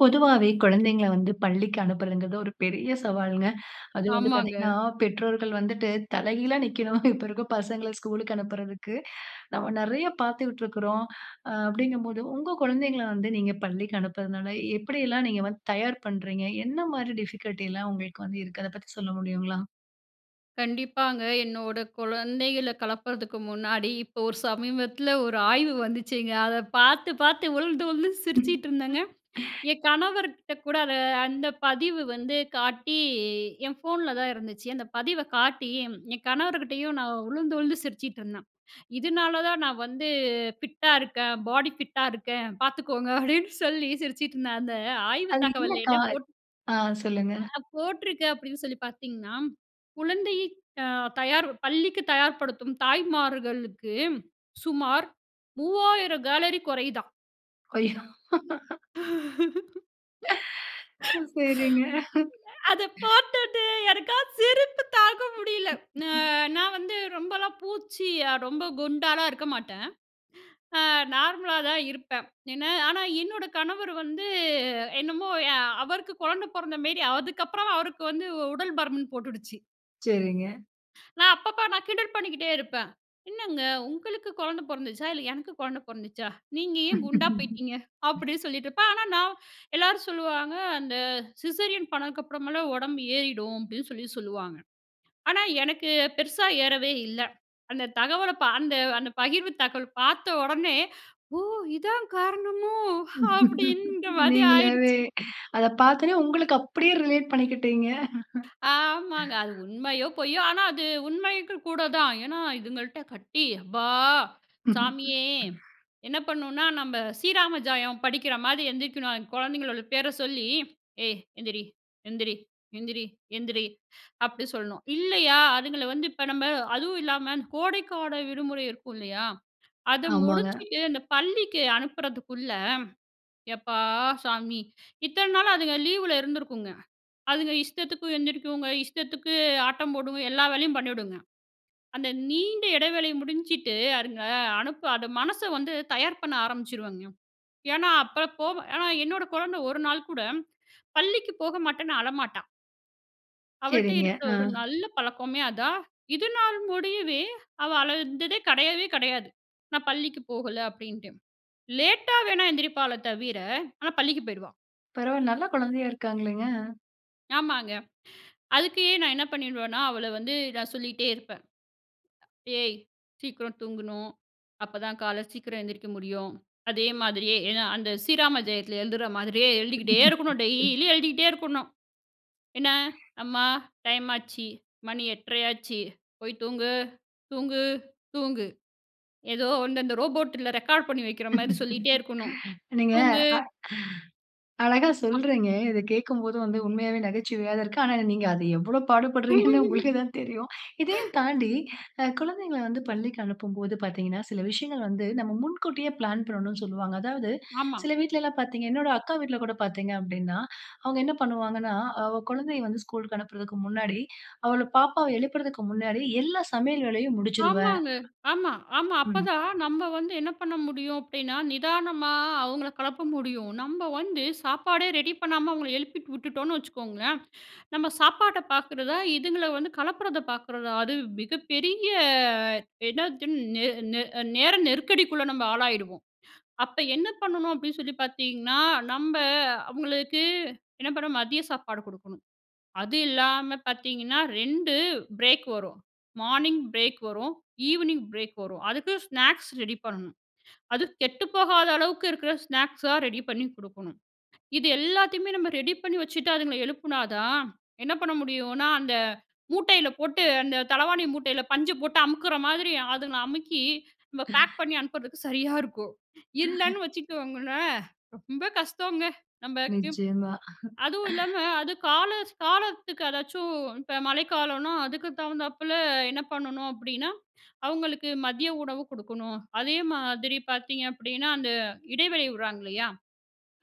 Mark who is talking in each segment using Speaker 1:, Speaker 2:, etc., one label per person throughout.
Speaker 1: பொதுவாவே குழந்தைங்கள வந்து பள்ளிக்கு அனுப்புறதுங்கிறது ஒரு பெரிய சவால்ங்க. அது வந்து பாத்தீங்கன்னா,
Speaker 2: ஆமாங்க.
Speaker 1: பெற்றோர்கள் வந்துட்டு தலைகீழா நிக்கணும். இப்ப இருக்க பசங்கள ஸ்கூலுக்கு அனுப்பறதுக்கு. நம்ம நெறைய பாத்துக்ட்ருக்கிறோம். அ அப்படிங்கும்போது உங்க குழந்தைங்கள வந்து நீங்க பள்ளிக்கு அனுப்பறதுனால, எப்படியெல்லாம் நீங்க வந்து தயார் பண்றீங்க? என்ன மாரி டிஃபிகல்ட்டிலாம் உங்களுக்கு வந்து இருக்கு? அத பத்தி சொல்ல முடியுங்களா?
Speaker 2: கண்டிப்பாங்க. என்னோட குழந்தைகள களப்பறதுக்கு முன்னாடி இப்போ, ஒரு சமீபத்தில ஒரு ஆய்வு வந்துச்சுங்க. அத பாத்து, பாத்து உழுந்து உழுந்து சிரிச்சிட்ருந்தேங்க. என் கணவர்கிட்ட கூட, அத அந்த பதிவு வந்து காட்டி என் ஃபோன்ல தான் இருந்துச்சு. அந்த பதிவ காட்டி ம் என் கணவர்கிட்டயும் நான் உழுந்து உழுந்து சிரிச்சிட்ருந்தேன். இதுனால, தான் நான் வந்து ஃபிட்டா இருக்கேன், பாடி ஃபிட்டா இருக்கேன் பாத்துக்கோங்க அப்டின்னு சொல்லி சிரிச்சுட்ருந்தேன். அந்த ஆய்வு
Speaker 1: அது என்ன
Speaker 2: தகவல்ல
Speaker 1: க்கா?
Speaker 2: என்ன போட்டு
Speaker 1: ஆ சொல்லுங்க!
Speaker 2: ஆ அ போட்ருக்கு அப்டின்னு சொல்லி பாத்தீர்கன்னா? "குழந்தையை ஆ தயார் பள்ளிக்கு தயார்படுத்தும் தாய்மார்களுக்கு சுமார் 3000 கலோரி கொறையுதான்".
Speaker 1: ஐயோ. ஒ, சரிங்க.
Speaker 2: அத பாத்துட்டு எனக்கா, சிரிப்பு தாங்க முடியல. நா நான் வந்து ரொம்பலாம் பூச்சி அ ரொம்ப குண்டாலாம் இருக்க மாட்டேன். ஆ நார்மலா தான் இருப்பேன். என்ன ஆனா என்னோட கணவர் வந்து என்னமோ எ அவருக்கு குழந்தை பொறந்த மேரி, அதுக்கப்புறம் அவருக்கு வந்து உடல் பருமன் போட்டுடுச்சு.
Speaker 1: சரிங்க.
Speaker 2: நான் அப்பப்ப நான் கிண்டல் பண்ணிக்கிட்டே இருப்பேன். "என்னங்க உங்களுக்கு கொழந்த பொறந்துச்சா? இல்ல, எனக்கு கொழந்த பொறந்துச்சா? நீங்க ஏன் குண்டா போயிட்டீங்க?" அப்படி சொல்லிட்டுருப்பேன். ஆனா நான் எல்லாரும் சொல்லுவாங்க, "அந்த சிசேரியன் பண்ணதுக்கு அப்புறமலாம் உடம்பு ஏறிடும்." அப்படீன்னு சொல்லி சொல்லுவாங்க. ஆனா எனக்கு பெருசா ஏறவே இல்ல. அந்த தகவல பா அந்த அந்த பகிர்வு தகவல் பார்த்த ஒடனே, "ஓ! இதான் காரணமோ?" அப்படீன்ற மாதிரி
Speaker 1: நீங்களாவே
Speaker 2: ஆயிடுச்சு.
Speaker 1: அத பார்த்தோனே உங்களுக்கு அப்படியே ரிலேட் பண்ணிக்கிட்டீங்க!
Speaker 2: ஆமாங்க! அது உண்மையோ? பொய்யோ? ஆனா அது உண்மைக்கு கூட தான். ஏன்னா, இதுங்கள்ட்ட கட்டி அப்பா! சாமியே! என்ன பண்ணுன்னா, நம்ப ஸ்ரீராம ஜயம் படிக்கிற மாரி எந்திரிக்கணும். அந்த கொழந்தைங்களோட பேர சொல்லி "ஏய் எந்திரி எந்திரி எந்திரி எந்திரி" அப்படி சொல்லணும். இல்லையா, அதுங்கள வந்து இப்ப நம்ப அதுவும் இல்லாம கோடைக்கால விடுமுறை இருக்கும் இல்லையா? அத
Speaker 1: ஆமாங்க.
Speaker 2: முடிச்சுட்டு அந்த பள்ளிக்கு அனுப்புறதுக்குள்ள, எப்பா! சாமி! இத்தன நாளா அதுங்க லீவுல இருந்திருக்குங்க. அதுங்க இஷ்டத்துக்கு எந்திரிக்குங்க, இஷ்டத்துக்கு ஆட்டம் போடுங்க, எல்லா வேலையும் பண்ணீடுங்க. அந்த நீண்ட எடைவேளை முடிஞ்சிட்டு, அதுங்க அனுப்ப அது மனச வந்து தயார் பண்ண ஆரம்பிச்சுருவங்க. ஏன்னா, அப்ப போவ ஏன்னா, என்னோட கொழந்த ஒரு நாள் கூட, பள்ளிக்கு போக மாட்டேன்னு அழமாட்டான். அவள்ட்ட
Speaker 1: சரிங்க.
Speaker 2: இருக்குற
Speaker 1: ஆ.
Speaker 2: ஒரு நல்ல பழக்கமே அதான். இதுனால் முடியவே அவ அழுததே கெடையவே கெடையாது. நான் பள்ளிக்கு போகல அப்டின்ட்டு லேட்‌டா வேணா எந்திரிப்பாளே தவிர, ஆனா பள்ளிக்கு போயிருவா.
Speaker 1: பரவால்ல நல்ல குழந்தையா இருக்ககாங்களேங்க.
Speaker 2: ஆமாங்க அதுக்கு நான் என்ன பண்ணிருவேன்னா, அவள வந்து நான் சொல்லிட்டே இருப்பேன், "ஏய் சீக்கிரம் தூங்கணும். அப்ப தான் காலை சீக்கிரம் எந்திரிக்க முடியும்." அதே மாதிரியே, ஏன்னா அந்த ஸ்ரீராம ஜெயத்தில் எழுதுற மாரியே எழுதிக்கிட்டே இருக்கணும். டெய்லி எழுதிக்கிட்டே இருக்கணும். என்ன? "அம்மா, டைம் ஆச்சு, மணி 8: 30 ஆச்சு, போய் தூங்கு தூங்கு தூங்கு." ஏதோ வந்து அந்த ரோபோட்ல ரெக்கார்ட் பண்ணி வைக்கிற மாரி சொல்லிகிட்டே இருக்கணும்,
Speaker 1: நீங்க அ
Speaker 2: தூங்கு.
Speaker 1: அழகா
Speaker 2: அப்
Speaker 1: சொல்றிங்க. இத கேக்கும்போது வந்து உண்மையவே நகைச்சுவையா தான் இருக்கு. ஆனா நீங்கஅதை எவ்வளோ பாடுபடுறீங்கன்னு உங்களுக்கு தான் தெரியும். இதையும் தாண்டி அ குழந்தைங்கள வந்து பள்ளிக்கு அனுப்பும்போது பாத்தீங்கன்னா, சில விஷயங்கள் வந்து நம்ம முன்கூட்டியே பிளான் பண்ணணும்னு சொல்லுவாங்க. அதாவது
Speaker 2: ஆமா.
Speaker 1: சில வீட்லலாம் பார்த்திங்க, என்னோட அக்கா வீட்ல கூட பாத்தீங்க அப்டின்னா, அவங்க என்ன பண்ணுவாங்கன்னா, அவ குழந்தைய வந்து ஸ்கூல் லுக்கு அனுப்பறதுக்கு முன்னாடி, அவள பாப்பாவை எழுப்பறதுக்கு முன்னாடி, எல்லா சமையல் வேலையும் முடிச்சுருவேன்
Speaker 2: ஆமாங்க, ஆமா, ஆமா.
Speaker 1: ம்.
Speaker 2: அப்பதான் நம்ம வந்து என்ன பண்ண முடியும் அப்டின்னா, நிதானமா அவங்கள கிளப்ப முடியும். நம்ப வந்து சாப்பாடே ரெடி பண்ணாம அவங்கள எழுப்பிட்டு விட்டுட்டோன்னு வச்சுக்கோங்களேன் நம்ம சாப்பாட்டை பாக்குறதா, இதுங்கள வந்து களப்பறத பார்க்குறதா, அது மிகப்பெரிய என்னது நே நே அ நேர நெருக்கடிக்குள்ள நம்ம ஆளாயிடுவோம். அப்ப என்ன பண்ணணும் அப்டின்னு சொல்லி பாத்தீங்கன்னா, நம்ப அவங்களுக்கு என்ன பண்ண மதிய சாப்பாடு குடுக்கணும். அது இல்லாம பாத்தீங்கன்னா, 2 பிரேக் வரும். மார்னிங் பிரேக் வரும். ஈவ்னிங் பிரேக் வரும். அதுக்கு ஸ்நாக்ஸ் ரெடி பண்ணணும். அது கெட்டுப்போகாத அளவுக்கு இருக்கிற ஸ்நாக்ஸா ரெடி பண்ணி குடுக்கணும். இது எல்லாத்தையுமே நம்ம ரெடி பண்ணி வச்சுட்டு, அதுங்கள எழுப்புனா தான் என்ன பண்ண முடியுன்னா, அந்த மூட்டையில போட்டு அந்த தலவாணி மூட்டையில பஞ்ச போட்டு அமுக்குற மாதிரி, அதுங்கள அமுக்கி நம்ப பேக்
Speaker 1: [unintelligible]
Speaker 2: பண்ணி அனுப்பறதுக்கு சரியா இருக்கும்.
Speaker 1: [unintelligible]
Speaker 2: இல்லன்னு வச்சுக்கோங்களேன், ரொம்ப கஷ்டங்க நமக்கு.
Speaker 1: நிச்சயமா
Speaker 2: அதுவும் இல்லாமல அது காலஸ் காலத்துக்கு அதாச்சும், இப்ப மழைக்காலன்னா அதுக்கு தகுந்தாப்பில என்ன பண்ணணும் அப்டின்னா, அவுங்களுக்கு மதிய உணவு குடுக்கணும். அதே மாதிரி பாத்தீங்க அப்படின்னா, அந்த இடைவெளி விடுறாங்க இல்லையா,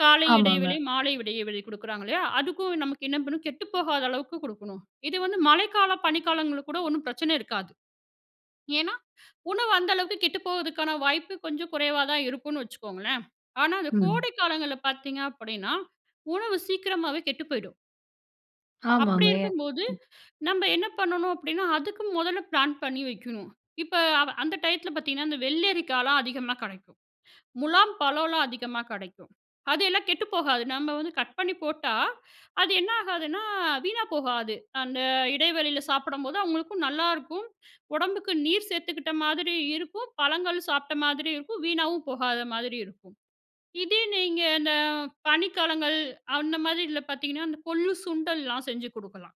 Speaker 2: காலை இடைவெளி,
Speaker 1: ஆமாங்க.
Speaker 2: மாலை இடைவெளி குடுக்குறாங்க இல்லையா, அதுக்கும் நமக்கு என்ன பண்ணும், கெட்டுப்போகாத அளவுக்கு குடுக்கணும். இது வந்து மழைக்கால பனிக்காலங்கள்ள கூட ஒண்ணும் பிரச்சனை இருக்காது. ஏன்னா உணவு அந்த அளவுக்கு கெட்டு போவதுக்கான வாய்ப்பு கொஞ்சம் குறைவா தான் இருக்குன்னு வச்சிக்கோங்களேன். ஆனா அந்த
Speaker 1: ம்.
Speaker 2: கோடை காலங்கள்ல பாத்தீங்க அப்பன்னா, உணவு சீக்கிரமாவே கெட்டு போய்டும். அப்படி
Speaker 1: ஆமாங்க. என்.
Speaker 2: இருக்கும்போது நம்ப என்ன பண்ணணும் அப்படின்னா, அதுக்கு முதல்ல பிளான் பண்ணி வைக்கணும். இப்போ அ அந்த டயத்தில பார்த்தீங்கன்னா, அந்த வெள்ளரிக்காலாம் அதிகமா கிடைக்கும். முலாம் பழம்லா அதிகமா கிடைக்கும். அதெல்லாம் கெட்டுப்போகாது. நம்ம வந்து கட் பண்ணி போட்டா, அது என்ன ஆகாதுன்னா? வீணா போகாது. அந்த இடைவெளியில சாப்பிடும்போது அவங்களுக்கும் நல்லாயிருக்கும். "உடம்புக்கு நீர் சேர்த்துக்கிட்ட மாதிரி இருக்கும். பழங்கள் சாப்பிட்ட மாதிரி இருக்கும். வீணாவும் போகாத மாதிரி இருக்கும்." இதே நீங்க இந்த பனிக்காலங்கள் அந்த மாதிரி இதில பார்த்தீங்கன்னா அந்த கொள்ளு, சுண்டல் எல்லா செஞ்சி கொடுக்கலாம்.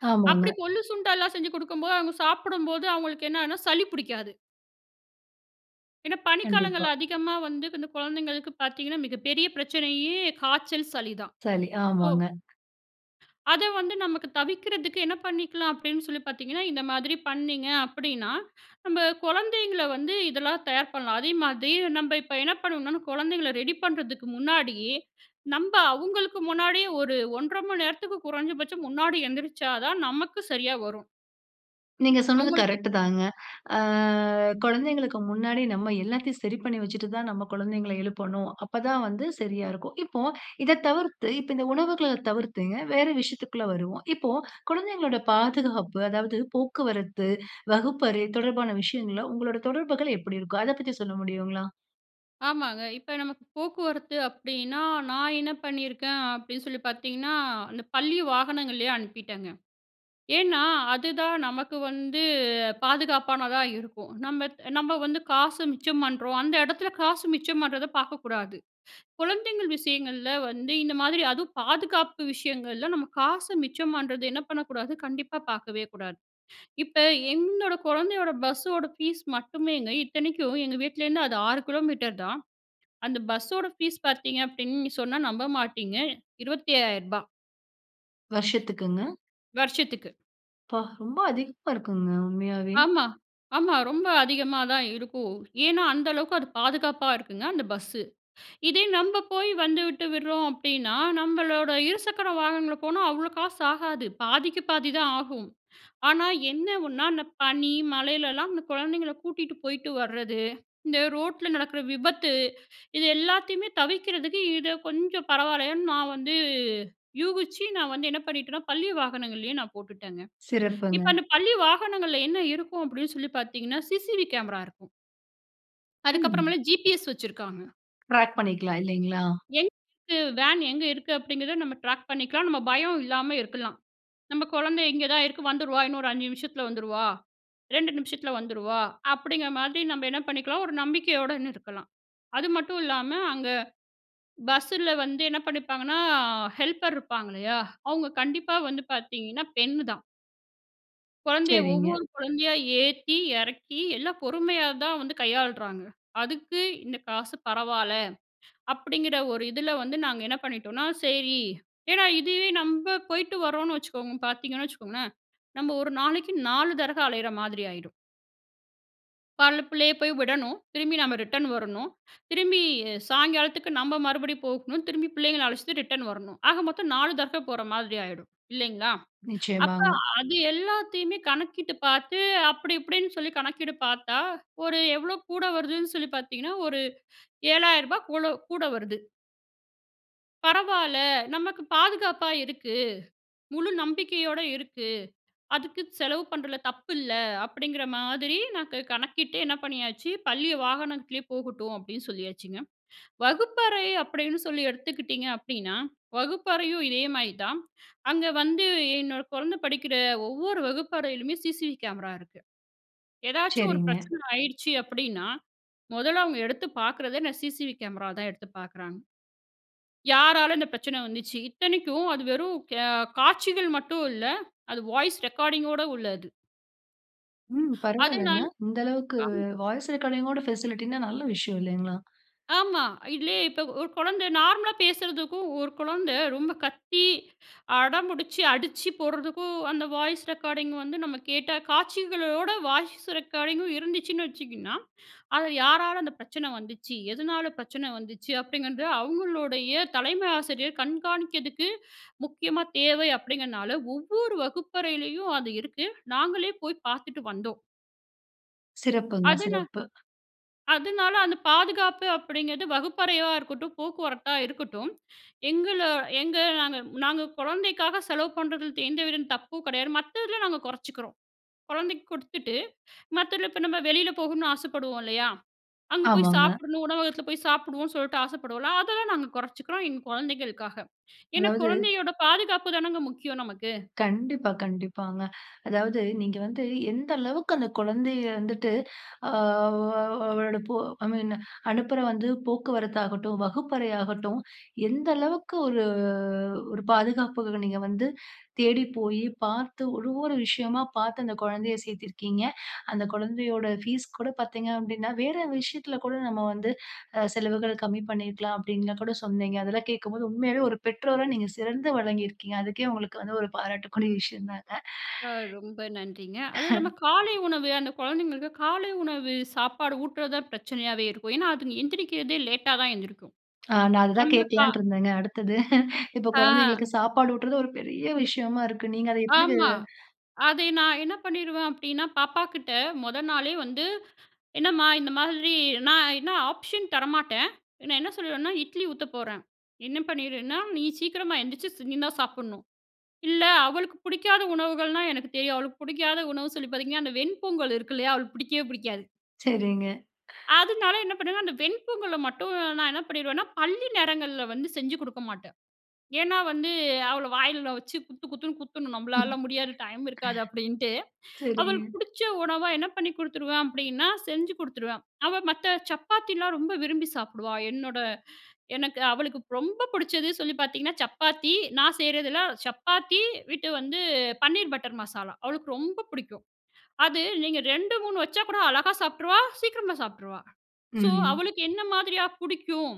Speaker 2: அப்படி
Speaker 1: ஆமாங்க.
Speaker 2: கொள்ளு, சுண்டலாம் செஞ்சி கொடுக்கும் போது, அவங்க சாப்பிடும்போது அவங்களுக்கு என்னனா சளி பிடிக்காது. ஏன்னா
Speaker 1: கண்டிப்பா.
Speaker 2: பனிக்காலங்கள்ல அதிகமா வந்து இந்த குழந்தைங்களுக்கு பார்த்தீங்கன்னா மிகப்பெரிய பிரச்சனையே காய்ச்சல், சளி தான்.
Speaker 1: சளி,
Speaker 2: ஓ!
Speaker 1: ஆமாங்க.
Speaker 2: அத வந்து நமக்கு தவிர்க்கறதுக்கு என்ன பண்ணிக்கலா? அப்படின்னு சொல்லி பார்த்தீங்கன்னா, இந்த மாதிரி பண்ணிங்க அப்படின்னா நம்ம குழந்தைங்கள வந்து இதெல்லா தயார் பண்ணலாம். அதேமாதிரி நம்ம இப்போ என்ன பண்ணுவோம்னா, குழந்தைங்கள ரெடி பண்ணுறதுக்கு முன்னாடியே, நம்ப அவங்களுக்கு முன்னாடியே ஒரு 1 1/2 நேரத்துக்கு குறைஞ்சபட்சம் முன்னாடி எந்திரிச்சா தான் நமக்கு சரியா வரும்.
Speaker 1: நீங்க சொன்னது
Speaker 2: அவங்களுக்கு.
Speaker 1: கரெக்ட் தாங்க. ஆ குழந்தைகளுக்கு முன்னாடி நம்ப எல்லாத்தையும் சரி பண்ணி வச்சுட்டு தான், நம்ப குழந்தைகள எழுப்பணும். அப்ப தான் வந்து சரியா இருக்கும். இப்ப இத தவிர்த்து இப்போ இந்த உணவுகள்ல தவிர்த்து வேற விஷயத்துக்குள்ள வருவோம். இப்போ குழந்தைகளோட பாதுகாப்பு அதாவது போக்குவரத்து, வகுப்பறை, தொடர்பான விஷயங்கள உங்களுடைய தொடர்புகள் எப்படி இருக்கும்? அதை பத்தி சொல்ல முடியுங்களா?
Speaker 2: ஆமாங்க, இப்போ நமக்கு போக்குவரத்து அப்பிடின்னா, நான் என்ன பண்ணியிருக்கேன் அப்படின்னு சொல்லி பார்த்தீங்கன்னா, அந்த பள்ளி வாகனங்கள்லயே அனுப்பிட்டங்க. ஏன்னா, அதுதான் நமக்கு வந்து பாதுகாப்பானதா இருக்கும். நம்ப நம்ப வந்து காச மிச்சம் பண்ணுறோம். அந்த இடத்துல காசு மிச்சம் பண்ணுறத பாக்கக்கூடாது. குழந்தைங்கள் விஷயங்கள்ல வந்து இந்த மாதிரி அதுவும் பாதுகாப்பு விஷயங்கள்ல, நம்ப காச மிச்சம் பண்ணுறது என்ன பண்ணக்கூடாது, கண்டிப்பா பார்க்கவே கூடாது. இப்ப எங்களோட குழந்தையோட பஸ்ஸோட ஃபீஸ் மட்டுமேங்க இத்தனைக்கும் எங்க வீட்லேருந்து அது 6 தான். அந்த பஸ்ஸோட ஃபீஸ் பாத்தீங்க, அப்படின்னு சொன்னா நம்ப மாட்டிங்க 25,000
Speaker 1: வருஷத்துக்குங்க?
Speaker 2: வருஷத்துக்கு.
Speaker 1: அப்பா! ரொம்ப அதிகமா இருக்குங்க. உண்மையாவே.
Speaker 2: ஆமா, ஆமா ரொம்ப அதிகமா தான் இருக்கும். ஏன்னா, அந்த அளவுக்கு அது பாதுகாப்பா இருக்குங்க. அந்த பஸ்ஸு. இதே நம்ப போய் வந்து விட்டு விடுறோம் அப்படின்னா, நம்பளோட இருசக்கர வாகனங்கள்ல போனா அவ்ளோ காசு ஆகாது. பாதிக்கு பாதி தான் ஆகும். ஆனா, என்ன ஒண்ணா அந்த பனி, மழையில்லாம் அந்த குழந்தைங்களை கூட்டிட்டு போயிட்டு வரது, இந்த ரோட்டுல நடக்கிற விபத்து. இது எல்லாத்தையுமே தவிர்க்கிறதுக்கு இத கொஞ்சம் பரவாயில்லன்னு நான் வந்து யூகிச்சு, நான் வந்து என்ன பண்ணிட்டேனா பள்ளி வாகனங்கள்லயே நான் போட்டுட்டேங்க. இப்போ
Speaker 1: சிறப்புங்க.
Speaker 2: அந்த பள்ளி வாகனங்கள்ல என்ன இருக்கும் அப்டீன்னு சொல்லி பாத்தீங்கன்னா? சி.சி.டி.வி.கேமரா இருக்கும். அதுக்கு
Speaker 1: ம்.
Speaker 2: அப்புறமேல ஜிபிஎஸ் வச்சுருக்காங்க.
Speaker 1: ட்ராக் பண்ணிக்கலாம் இல்லைங்களா?
Speaker 2: எங்க இருக்கு? வேன் எங்க இருக்கு? அப்டிங்கிறத நம்ப ட்ராக் பண்ணிக்கலாம். நம்ப பயம் இல்லாம இருக்கலாம். நம்ப குழந்தை இங்கே தான் இருக்கு வந்துருவா இன்னொரு 5 நிமிஷத்துல வந்துருவா, 2 நிமிஷத்துல வந்துருவா அப்படிங்குற மாதிரி நம்ப என்ன பண்ணிக்கலாம்? ஒரு நம்பிக்கையோடன்னு இருக்கலாம். அது மட்டும் இல்லாம, அங்க பஸ்ல வந்து என்ன பண்ணிப்பாங்கன்னா, ஹெல்ப்பர் இருப்பாங்க இல்லயா? அவங்க கண்டிப்பா வந்து பாத்தீங்கன்னா, பெண்னு தான் குழந்தைய
Speaker 1: சரிங்க.
Speaker 2: ஒவ்வொரு குழந்தையா ஏத்தி, இறக்கி எல்லாம் பொறுமையா தான் வந்து கையாளுறாங்க. அதுக்கு இந்த காசு பரவால அப்டிங்கிற ஒரு இதுல வந்து நாங்க என்ன பண்ணிட்டோனா? சரி. ஏன்னா, இதுவே நம்ப போய்ட்டு வரோன்னு வச்சுக்கோங்க, பாத்தீங்கன்னு வச்சுக்கோங்களேன். நம்ப ஒரு நாளைக்கு 4 தடவ அலையிற மாதிரி ஆயிடும். காலையில புள்ளைய போய் விடணும், திரும்பி நம்ப ரிட்டர்ன் வரணும், திரும்பி சாயங்காலத்துக்கு நம்ப மறுபடியும் போகணும், திரும்பி பிள்ளைங்கள அழைச்சிட்டு ரிட்டர்ன் வரணும். ஆக மொத்தம் 4 தடவ போற மாதிரி ஆயிடும் இல்லைங்களா? அப்ப,
Speaker 1: நிச்சயமாங்க.
Speaker 2: அது எல்லாத்தையுமே கணக்கிட்டு பார்த்து அப்படி இப்டின்னு சொல்லி கணக்கீடு பாத்தா, ஒரு எவ்வளோ கூட வருதுன்னு சொல்லி பார்த்தீங்கன்னா, ஒரு ரூ. 7,000 கூல கூட வருது. பரவாயில்ல. நமக்கு பாதுகாப்பா இருக்கு. முழு நம்பிக்கையோட இருக்கு. அதுக்கு செலவு பண்ணுறது தப்பு இல்ல. அப்படிங்கிற மாதிரி நான் கு கணக்கிட்டு என்ன பண்ணியாச்சு, பள்ளி வாகனத்திலயே போகட்டும், அப்படின்னு சொல்லியாச்சுங்க. வகுப்பறை அப்படின்னு சொல்லி எடுத்துக்கிட்டீங்க அப்படின்னா, வகுப்பறையும் இதே மாரி தான். அங்க வந்து என்னோட குழந்தை படிக்கிற ஒவ்வொரு வகுப்பறையிலுமே, சிசிவி கேமரா இருக்கு. ஏதாவது ஒரு
Speaker 1: சரிங்க.
Speaker 2: பிரச்சனை ஆயிடுச்சு அப்படின்னா, மொதல அவங்க எடுத்து பாக்கறதே என்ன, சிசிவி கேமராவ தான் எடுத்து பாக்குறாங்க. யாரால இந்த பிரச்சனை வந்துச்சு. இத்தனைக்கும் அது வெறும் கே காட்சிகள் மட்டும் இல்ல. அது வாய்ஸ் ரெக்கார்டிங்கோட உள்ளது.
Speaker 1: ம். பரவாயில்லைங்க.
Speaker 2: அதனால
Speaker 1: இந்த அளவுக்கு
Speaker 2: ஆமா.
Speaker 1: வாய்ஸ் ரெக்கார்டிங்க் ஓட ஃபெசிலிடினா நல்ல விஷயம் இல்லைங்களா?
Speaker 2: ஆமா. இல்லையே இப்போ ஒரு குழந்தை நார்மலா பேசுறதுக்கும், ஒரு குழந்தை ரொம்ப கத்தி அடம் பிடிச்சு அடிச்சு போடுறதுக்கும், அந்த வாய்ஸ் ரெக்கார்டிங் வந்து நம்ப கேட்டா, காட்சிகளோட வாய்ஸ் ரெக்கார்டிங்கும் இருந்துச்சுன்னு வச்சிக்கின்னா, அதில யாரால அந்த பிரச்சனை வந்துச்சு. எதனால பிரச்சனை வந்துச்சு. அப்படிங்கறது அவங்களுடைய தலைமை ஆசிரியர் கண்காணிக்கிறதுக்கு முக்கியமா தேவை அப்படிங்கிறதுனால, ஒவ்வொரு வகுப்பறையிலயும் அது இருக்கு. நாங்களே போய் பாத்துட்டு வந்தோம்.
Speaker 1: சிறப்புங்க,
Speaker 2: அது நா
Speaker 1: சிறப்பு.
Speaker 2: அதனால அந்த பாதுகாப்பு அப்படிங்கிறது வகுப்பறையா இருக்கட்டும், போக்குவரத்தா இருக்கட்டும், எங்கள எங்க நாங்க நாங்க குழந்தைக்காக செலவு பண்ணுறதில எந்தவித தப்பும் கிடையாது. மத்ததில நாங்க குறைச்சிக்கிறோம். குழந்தைக்கு கொடுத்துட்டு மத்ததில இப்போ நம்ம வெளியில போகணும்னு ஆசைப்படுவோம் இல்லையா, அங்கே போய்
Speaker 1: ஆமாங்க.
Speaker 2: சாப்பிடணும் உணவகத்தில போய் சாப்பிடுவோம்னு, சொல்லிட்டு ஆசைப்படுவோம்ல. அதெல்லா நாங்க குறைச்சிக்கிறோம். எங்க குழந்தைங்களுக்காக. ஏன்னா
Speaker 1: அதாவது
Speaker 2: குழந்தையோட பாதுகாப்பு தானங்க முக்கியம் நமக்கு
Speaker 1: கண்டிப்பா கண்டிப்பாங்க அதாவது நீங்க வந்து எந்த அளவுக்கு அந்த குழந்தையை வந்துட்டு, அ வ் அவளோட ஐ மீன் அனுப்பற வந்து போக்குவரத்தாகட்டும் வகுப்பறை ஆகட்டும். எந்த அளவுக்கு ஒரு ஒரு பாதுகாப்புக்கு நீங்க வந்து தேடி போய் பார்த்து ஒவ்வொரு விஷயமா பார்த்து, அந்த குழந்தையை சேர்த்திருக்கீங்க. அந்த குழந்தையோட ஃபீஸ் கூட பார்த்தீங்க அப்படின்னா வேறு விஷயத்தில கூட நம்ம வந்து, அ செலவுகள் கம்மி பண்ணிருக்கலாம். அப்படின்லா கூட சொன்னீங்க. அதெல்லாம் கேட்கும்போது "உண்மையாவே ஒரு பெற்றோரா நீங்க சிறந்து விளங்கியிருக்கீங்க." அதுக்கே உங்களுக்கு வந்து ஒரு பாராட்டக்கூடிய விஷயம் தாங்க.
Speaker 2: ஆ ரொம்ப நன்றிங்க! அதுவும் இல்லாம காலை உணவு. அந்த குழந்தைகளுக்கு காலை உணவு சாப்பாடு ஊட்டுறது தான் பிரச்சனையாவே இருக்கும். ஏன்னா அது எந்திரிக்கிறதே லேட்டா தான் எந்திரிக்கும்.
Speaker 1: நான் அத தான்
Speaker 2: நம்ப கா
Speaker 1: கேட்கலான்ட்டு இருந்தேங்க அடுத்தது. இப்போ
Speaker 2: ஆ.
Speaker 1: குழந்தைங்களுக்கு சாப்பாடு ஊட்டுறது. ஒரு பெரிய விஷயமா இருக்கு. நீங்க அதை எப்படி?
Speaker 2: ஆமா. அதை நான் என்ன பண்ணிருவேன் அப்படீன்னா, பாப்பாகிட்ட முதல் நாளே வந்து என்னம்மா இந்த மாதிரி நான் என்ன ஆப்ஷன் தரமாட்டேன். நான் என்ன சொல்லிருவேனா? இட்லி ஊத்த போறேன். என்ன பண்ணிருனா, நீ சீக்கிரமா எந்திச்சு நீ தான் சாப்பிடணும். இல்ல அவளுக்கு பிடிக்காத உணவுகள்னா எனக்கு தெரியும். அவளுக்கு பிடிக்காத உணவு சொல்லி பார்த்தீங்கன்னா, அந்த வெண்பொங்கல் இருக்கு இல்லையா, அவளுக்கு பிடிக்கவே பிடிக்காது.
Speaker 1: சரிங்க.
Speaker 2: அதனால என்ன பண்ணுவேன்னா, அந்த வெண்பொங்கல மட்டும் நான் என்ன பண்ணிருவேன்னா, பள்ளி நேரங்கள்ல வந்து செஞ்சு குடுக்க மாட்டேன். ஏன்னா வந்து அவள வாயில வச்சு குத்து குத்துன்னு குத்தணும்.
Speaker 1: ம்.
Speaker 2: "நம்பளால முடியாது. டைம் இருக்காது." அப்படீன்ட்டு. அவளுக்கு
Speaker 1: சரிங்க.
Speaker 2: புடிச்ச உணவா, என்ன பண்ணி குடுத்துருவேன் அப்படீன்னா, செஞ்சு குடுத்துருவேன். அவ மத்த சப்பாத்தில்லாம் ரொம்ப விரும்பி சாப்பிடுவா. என்னோட எனக்கு அவளுக்கு ரொம்ப புடிச்சது சொல்லி பார்த்தீங்கன்னா, சப்பாத்தி. நான் செய்றதெல்லாம் சப்பாத்தி வித் வந்து பன்னீர் பட்டர் மசாலா. அவளுக்கு ரொம்ப புடிக்கும். அது நீங்க 2 3 வச்சா கூட அழகா சாப்பிட்டுருவா, சீக்கிரமா சாப்பிட்டுருவா. சோ,
Speaker 1: ம்.
Speaker 2: "அவளுக்கு என்ன மாதிரியா புடிக்கும்."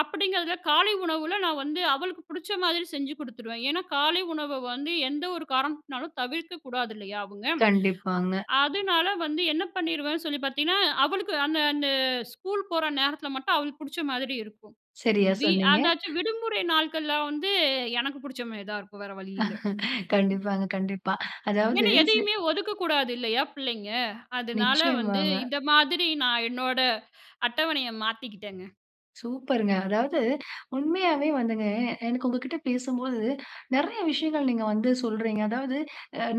Speaker 2: அப்படிங்கிறதில காலை உணவில நான் வந்து அவளுக்கு புடிச்ச மாதிரி செஞ்சு குடுத்துருவேன். ஏன்னா காலை உணவ வந்து எந்த ஒரு காரணத்துனாலும் தவிர்க்க கூடாது இல்லையா அவுங்க?
Speaker 1: கண்டிப்பாங்க.
Speaker 2: அ அதுனால வந்து என்ன பண்ணிருவேன் சொல்லி பார்த்தீங்கன்னா, அவளுக்கு அந்த அந்த ஸ்கூல் போற நேரத்தில மட்டும் அவளுக்கு புடிச்ச மாதிரி இருக்கும்.
Speaker 1: சரியா
Speaker 2: வி
Speaker 1: சொன்னீங்க.
Speaker 2: அதாச்சு விடுமுறை நாட்கள்ல வந்து, எனக்கு புடிச்ச மாரி தான் இருக்கும். வேற வழி இல்ல. ம்.
Speaker 1: கண்டிப்பாங்க, கண்டிப்பா. அதாவது,
Speaker 2: ஏன்னா,
Speaker 1: ஸ்
Speaker 2: எதையுமே ஒதுக்கக்கூடாது இல்லையா பிள்ளைங்க? அதுனால வந்து
Speaker 1: நிச்சயமாங்க.
Speaker 2: இந்த மாதிரி நான் என்னோட அட்டவணையை மாத்திக்கிட்டேங்க.
Speaker 1: சூப்பருங்க. அதாவது உண்மையாவே வந்துங்க, எனக்கு உங்ககிட்ட பேசும்போது நெறைய விஷயங்கள் நீங்க வந்து சொல்றீங்க. அதாவது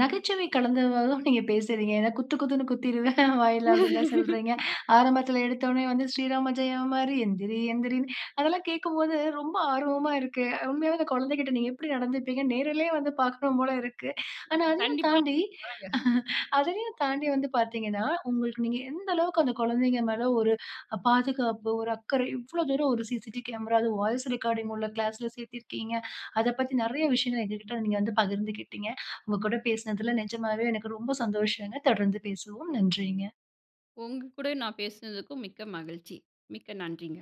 Speaker 1: நகைச்சுவை கலந்தவாறுதான் நீங்க பேசுறீங்க. ஏன்னா, "குத்து குத்துன்னு குத்திருவேன் வாயில." அப்படின்லாம் சொல்றீங்க. ஆரம்பத்தில எடுத்தோனே வந்து, "ஸ்ரீராம ஜெயம் மாரி எந்திரி எந்திரின்னு" அதெல்லாம் கேட்கும்போது ரொம்ப ஆர்வமா இருக்கு. உண்மையாவே, அந்த குழந்தகிட்ட நீங்க எப்படி நடந்துப்பீங்க? நேரிலே வந்து பார்க்கணும் போல இருக்கு. ஆனா அதையும்
Speaker 2: கண்டிப்பா
Speaker 1: தாண்டி,
Speaker 2: வரேங்க.
Speaker 1: அதையும் தாண்டி வந்து பார்த்தீங்கன்னா, உங்களுக்கு நீங்க எந்த அளவுக்கு அந்த குழந்தைங்க மேல ஒரு அ பாதுகாப்பு, ஒரு அக்கறை, இவ்வளோ தூரம் ஒரு சிசிடி கேமரா, அது வாய்ஸ் ரெக்கார்டிங் உள்ள கிளாஸ்ல சேர்த்திருக்கீங்க. அத பத்தி நெறைய விஷயங்கள் எங்க கிட்ட நீங்க வந்து பகிர்ந்துகிட்டீங்க. உங்க கூட பேசினதில, நெஜமாவே எனக்கு ரொம்ப சந்தோஷங்க. தொடர்ந்து பேசவோம். நன்றிங்க.
Speaker 2: உங்க கூட நான் பேசுனதுக்கும் மிக்க மகிழ்ச்சி, மிக்க நன்றிங்க.